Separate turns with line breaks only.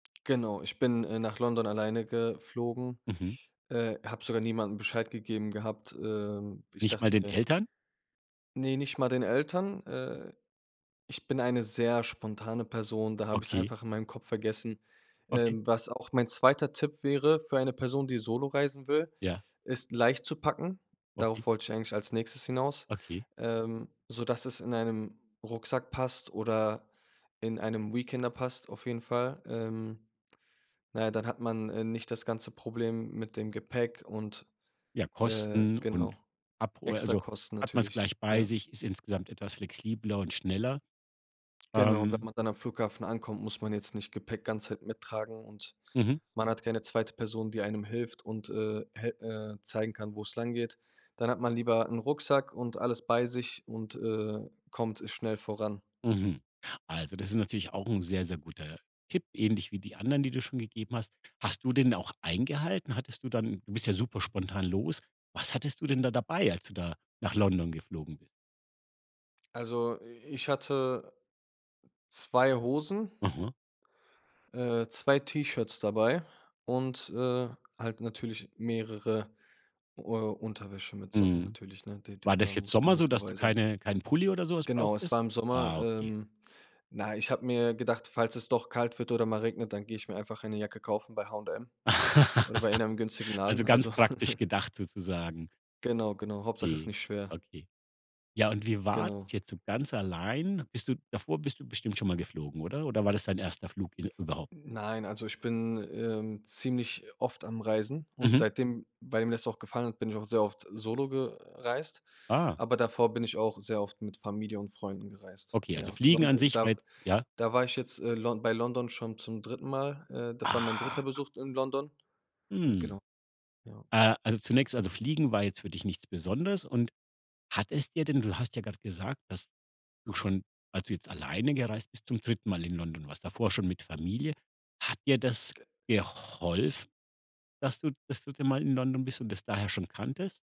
Genau, ich bin, äh, nach London alleine geflogen,
Mhm.
äh, habe sogar niemandem Bescheid gegeben gehabt. Ähm, ich
Nicht mal
dachte
den
mir
Eltern?
Ne, nicht mal den Eltern. Äh, ich bin eine sehr spontane Person, da habe ich's
Okay.
einfach in meinem Kopf vergessen.
Okay.
Ähm, was auch mein 2. Tipp wäre für eine Person, die solo reisen will,
Ja.
ist leicht zu packen.
Okay.
Darauf wollte ich eigentlich als Nächstes hinaus,
Okay.
ähm, sodass es in einem Rucksack passt oder in einem Weekender passt auf jeden Fall. Ähm, na ja, dann hat man, äh, nicht das ganze Problem mit dem Gepäck und,
Ja,
äh
Kosten
genau,
und Abhol also
Extrakosten
hat man's
natürlich,
gleich bei
ja.
sich, ist insgesamt etwas flexibler und schneller,
Genau, und wenn
ähm
man dann am Flughafen ankommt, muss man jetzt nicht Gepäck ganze Zeit mittragen und
Mhm.
man hat keine 2. Person, die einem hilft und, äh, hel äh, zeigen kann, wo's langgeht. Dann hat man lieber 'n Rucksack und alles bei sich und, äh, kommt schnell voran.
Mhm, also das ist natürlich auch 'n sehr, sehr guter Tipp, ähnlich wie die anderen, die du schon gegeben hast. Hast du den auch eingehalten? Hattest du dann du bist ja super spontan los. Was hattest du denn da dabei, als du da nach London geflogen bist?
Also, äh, ich hatte 2 Hosen
Mhm.
äh, 2 T-Shirts dabei und, äh, halt natürlich mehrere, äh, Unterwäsche mit Socken
Mhm.
natürlich, ne? D
War
d da
das jetzt
muss
Sommer so,
genug
dass
dabei
du
sein.
keine keinen Pulli oder so was
Genau, es
brauchtest?
war im Sommer.
Ah, okay.
Ähm, na, ich habe mir gedacht, falls es doch kalt wird oder mal regnet, dann gehe ich mir einfach eine Jacke kaufen bei H&M oder bei einem günstigen Laden,
Also ganz
also
praktisch gedacht sozusagen.
Genau, genau. Hauptsache, es ist
Okay,
nicht schwer.
okay. Ja, und wie war's
Genau.
jetzt so ganz allein? Bist du davor bist du bestimmt schon mal geflogen, oder? Oder war das dein erster Flug in überhaupt?
Nein, also ich bin, ähm, ziemlich oft am Reisen und
Mhm.
seitdem weil mir das auch gefallen hat, bin ich auch sehr oft solo gereist,
Ah.
aber davor bin ich auch sehr oft mit Familie und Freunden gereist.
Okay, also
Ja
Fliegen
Lon
an sich war
da
jetzt ja?
da war ich jetzt, äh, Lon bei London schon zum 3. Mal. Äh, das war mein 3.
Aha.
Besuch in London. Und
Hm.
genau, ja.
Äh, also zunächst also Fliegen war jetzt für dich nichts Besonderes. Und hat es dir denn du hast ja grad gesagt, dass du schon, also jetzt alleine gereist bist, zum 3. Mal in London warst, davor schon mit Familie. Hat dir das
Ge
geholfen, dass du das 3. Mal in London bist und das daher schon kanntest?